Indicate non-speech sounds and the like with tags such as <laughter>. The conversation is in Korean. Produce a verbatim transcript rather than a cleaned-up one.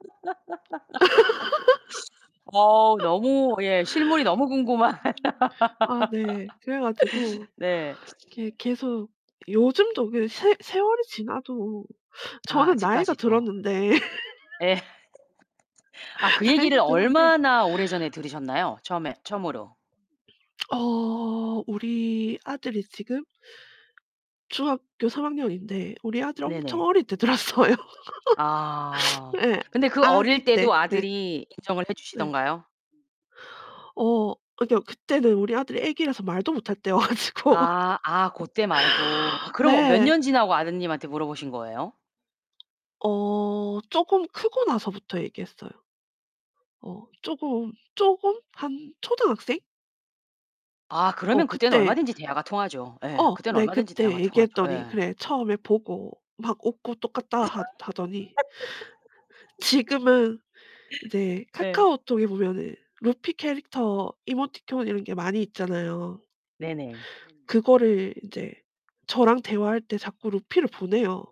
<laughs> 어 너무 예 실물이 너무 궁금한. <laughs> 아 네. 그래 가지고 <laughs> 네. 이게 계속 요즘도 그 세 세월이 지나도 아 저는 나이가 아직까지도. 들었는데 <laughs> 예. <laughs> 아 그 나이도 얘기를 들었는데 얼마나 오래전에 들으셨나요? 처음에 처음으로. 어 우리 아들이 지금 중학교 삼 학년인데 우리 아들 엄청 네네. 어릴 때 들었어요. 아. <laughs> 예. 근데 그 어릴 때도 아기때 네. 아들이 인정을 해 네. 주시던가요? 어 그러니까 그때는 우리 아들이 아기라서 말도 못 할 때여 가지고 아. 아 <laughs> 고 때 말고. 어 그럼 몇 네. 년 지나고 아드님한테 물어보신 거예요? 어 쪼금 크고 나서부터 얘기했어요. 어 쪼금, 쪼금 한 초등학생? 아 어 그러면 그때는 그때 얼마든지 대화가 통하죠. 예. 어 그땐 내 얼마든지 그때 대화가 통하죠. 얘기했더니 예. 그래 처음에 보고 막 웃고 똑같다 하 하더니 지금은 이제 <laughs> 예. 카카오톡에 보면은 루피 캐릭터 이모티콘 이런 게 많이 있잖아요. 네네. 그거를 인제 저랑 대화할 때 자꾸 루피를 보내요.